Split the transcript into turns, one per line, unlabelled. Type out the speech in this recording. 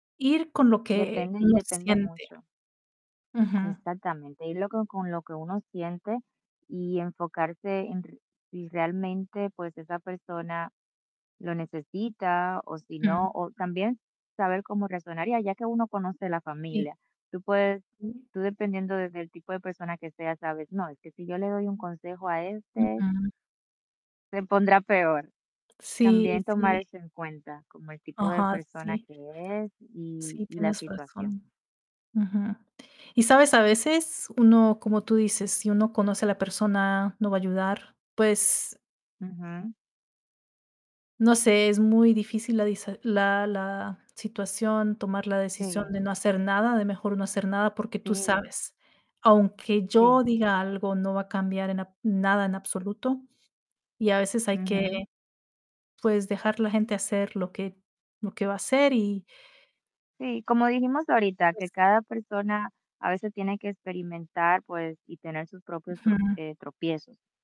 Ir con lo que
Depende y
uno
depende
siente.
mucho.
Ujú.
Exactamente, y luego, con lo que uno siente y enfocarse en r y realmente, pues, esa persona lo necesita, o si
Mm.
no, o también saber cómo reaccionaría, ya que uno conoce la
Sí.
familia. Tú puedes
Sí.
tú dependiendo desde el tipo de persona que sea, ¿sabes? No, es que si yo le doy un consejo a este
Ujú.
se pondrá peor,
Sí,
también tomar
sí.
eso en cuenta, como el tipo de
Ajá,
persona
sí.
que es y
Sí,
y la
tienes razón.
situación.
Ujú. Y, sabes, a veces uno, como tú dices, si uno conoce a la persona, no va a ayudar, pues
Ujú.
no sé, es muy difícil la disa la la situación, tomar la decisión de
Sí.
no hacer nada, de mejor no hacer nada, porque tú
Sí.
sabes, aunque
Sí.
yo diga algo, no va a cambiar en ab nada en absoluto, y a veces hay que,
Ujú.
pues, dejar la gente hacer lo que lo que va a hacer y.
Sí, como dijimos ahorita, que
Pues.
cada persona a veces tiene que experimentar, pues, y tener sus propios tro
Ujú.
eh, tropiezos.